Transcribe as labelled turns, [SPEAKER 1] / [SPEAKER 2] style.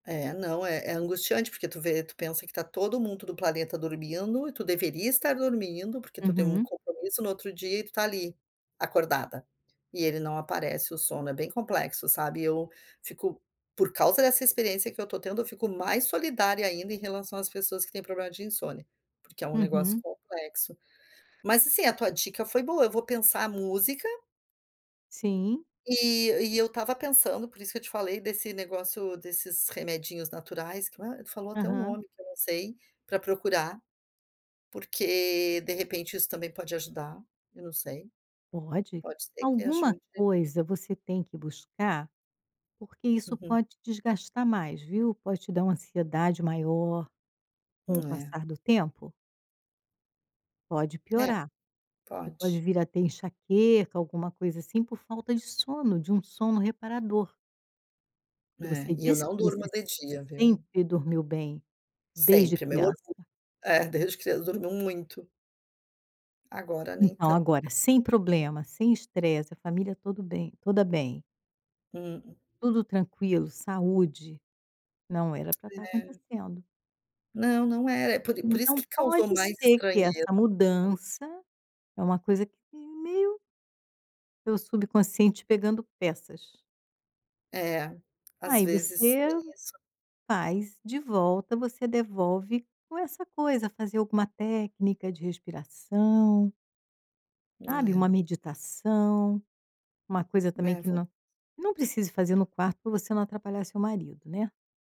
[SPEAKER 1] É não, é é angustiante, porque tu vê, tu pensa que está todo mundo do planeta dormindo, e tu deveria estar dormindo, porque tu tem um
[SPEAKER 2] Uhum.
[SPEAKER 1] compromisso no outro dia e tu está ali, acordada, e ele não aparece, o sono, é bem complexo, sabe. E eu fico por causa dessa experiência que eu estou tendo, eu fico mais solidária ainda em relação às pessoas que têm problema de insônia, porque é um negócio
[SPEAKER 2] Uhum.
[SPEAKER 1] complexo. Mas assim, a tua dica foi boa, eu vou pensar música
[SPEAKER 2] Sim.
[SPEAKER 1] e e eu estava pensando, por isso que eu te falei, desse negócio desses remedinhos naturais, que, ah, tu falou até o
[SPEAKER 2] Aham.
[SPEAKER 1] nome, que eu não sei, para procurar, porque, de repente, isso também pode ajudar, eu não sei.
[SPEAKER 2] Pode.
[SPEAKER 1] Pode ser que
[SPEAKER 2] Alguma
[SPEAKER 1] ajude.
[SPEAKER 2] coisa você tem que buscar, porque isso
[SPEAKER 1] Uhum.
[SPEAKER 2] pode desgastar mais, viu, pode te dar uma ansiedade maior. Com o
[SPEAKER 1] É.
[SPEAKER 2] passar do tempo pode
[SPEAKER 1] É,
[SPEAKER 2] piorar. Você pode
[SPEAKER 1] pode.
[SPEAKER 2] vir a ter enxaqueca, alguma coisa assim, por falta de sono, de um sono reparador. Porque
[SPEAKER 1] É,
[SPEAKER 2] você
[SPEAKER 1] e eu
[SPEAKER 2] disse que
[SPEAKER 1] não durmo
[SPEAKER 2] você
[SPEAKER 1] de dia, viu.
[SPEAKER 2] sempre dormiu bem, desde
[SPEAKER 1] Sempre, meu
[SPEAKER 2] criança.
[SPEAKER 1] orgu É, desde criança, dormiu muito. Agora nem
[SPEAKER 2] Então
[SPEAKER 1] tan
[SPEAKER 2] agora sem problema, sem estresse, a família tudo bem toda bem
[SPEAKER 1] Hum.
[SPEAKER 2] tudo tranquilo, saúde. Não era para estar
[SPEAKER 1] É.
[SPEAKER 2] acontecendo.
[SPEAKER 1] Não, não era. É por por isso
[SPEAKER 2] Então
[SPEAKER 1] que causou
[SPEAKER 2] pode
[SPEAKER 1] mais
[SPEAKER 2] ser que
[SPEAKER 1] estranheza,
[SPEAKER 2] essa
[SPEAKER 1] sabe.
[SPEAKER 2] mudança é uma coisa que meio seu subconsciente pegando peças.
[SPEAKER 1] É, às
[SPEAKER 2] Aí
[SPEAKER 1] vezes
[SPEAKER 2] você
[SPEAKER 1] tem isso.
[SPEAKER 2] faz de volta, você devolve, ou essa coisa, fazer alguma técnica de respiração sabe, uma
[SPEAKER 1] É.
[SPEAKER 2] meditação. Uma coisa também
[SPEAKER 1] É,
[SPEAKER 2] que
[SPEAKER 1] vou
[SPEAKER 2] nã não precise fazer no quarto, para você não atrapalhar seu marido, né.